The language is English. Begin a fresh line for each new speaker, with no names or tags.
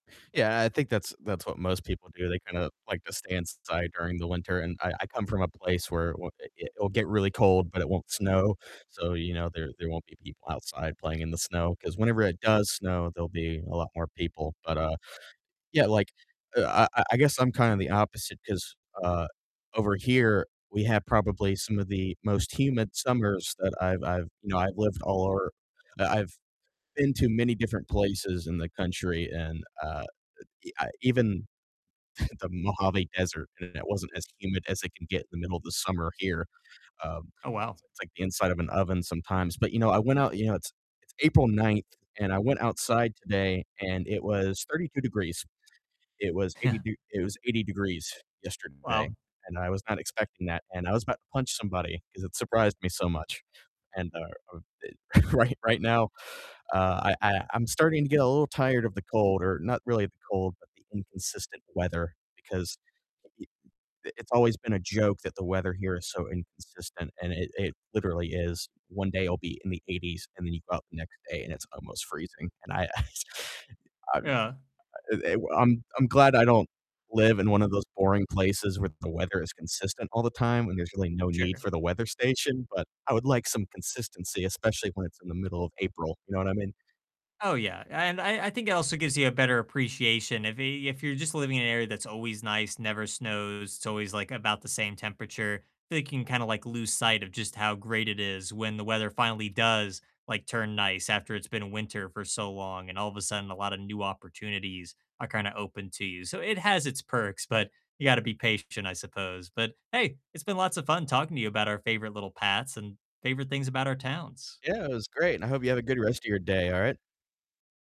Yeah, I think that's that's what most people do, they kinda like to stay inside during the winter and I I come from a place where w it it'll get really cold, but it won't snow, so, you know, there there won't be people outside playing in the snow, 'cause whenever it does snow, there'll be a lot more people, but, uh, yeah, like, uh, I I guess I'm kinda the opposite, 'cause, uh, over here we have probably some of the most humid summers that I've I've you know, I've lived all over I I've been to many different places in the country and, uh, uh, ah even the Mojave Desert, and it wasn't as humid as it can get in the middle of the summer here. Um,
Oh, wow.
it's it's like the inside of an oven sometimes. But, you know, I went out, you know, it's it's April 9th, and I went outside today, and it was 32 degrees. It was 80
Yeah.
d was 80 degrees yesterday,
Wow.
and I was not expecting that, and I was about to punch somebody, 'cause it surprised me so much. And, uh, uh, eh right right now, uh, I I I'm starting to get a little tired of the cold, or not really the cold, but the inconsistent weather, because y i it's always been a joke that the weather here is so inconsistent, and it it literally is. One day it'll be in the 80s, and then you go out the next day and it's almost freezing. And I I I uh,
Yeah.
eh, I'm I'm glad I don't live in one of those boring places where the weather is consistent all the time and there's really no need
Sure.
for the weather station, but I would like some consistency, especially when it's in the middle of April, you know what I mean?
Oh, yeah and I I think it also gives you a better appreciation, if y if you're just living in an area that's always nice, never snows, it's always, like, about the same temperature, think you can kinda, like, lose sight of just how great it is when the weather finally does, like, turn nice after it's been a winter for so long, and all of a sudden, a lotta new opportunities are kinda open to you, so it has its perks, but you gotta be patient, I suppose, but hey, it's been lots of fun talking to you about our favorite little paths and favorite things about our towns.
Yeah, it was great, and I hope you have a good rest of your day, alright?